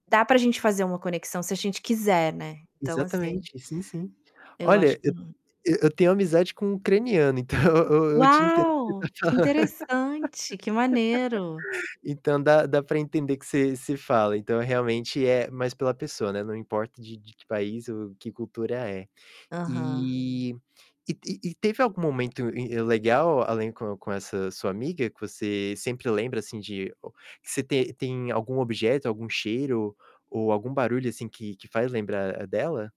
Dá pra gente fazer uma conexão se a gente quiser, né, então, assim Exatamente, sim, sim. eu acho Olha, eu que t não. e eu tenho amizade com ucraniano, então, eu eu te entendo o que você Uau! tá Que falan interessante, que maneiro. então, dá dá para entender que você você fala, então, realmente, é mais pela pessoa, né, não importa de de que país ou que cultura é. Aham. E e e e teve algum momento in legal, além, com com essa sua amiga, que você sempre lembra, assim, de ou que você te tem algum objeto, algum cheiro ou algum barulho, assim, que que faz lembrar dela?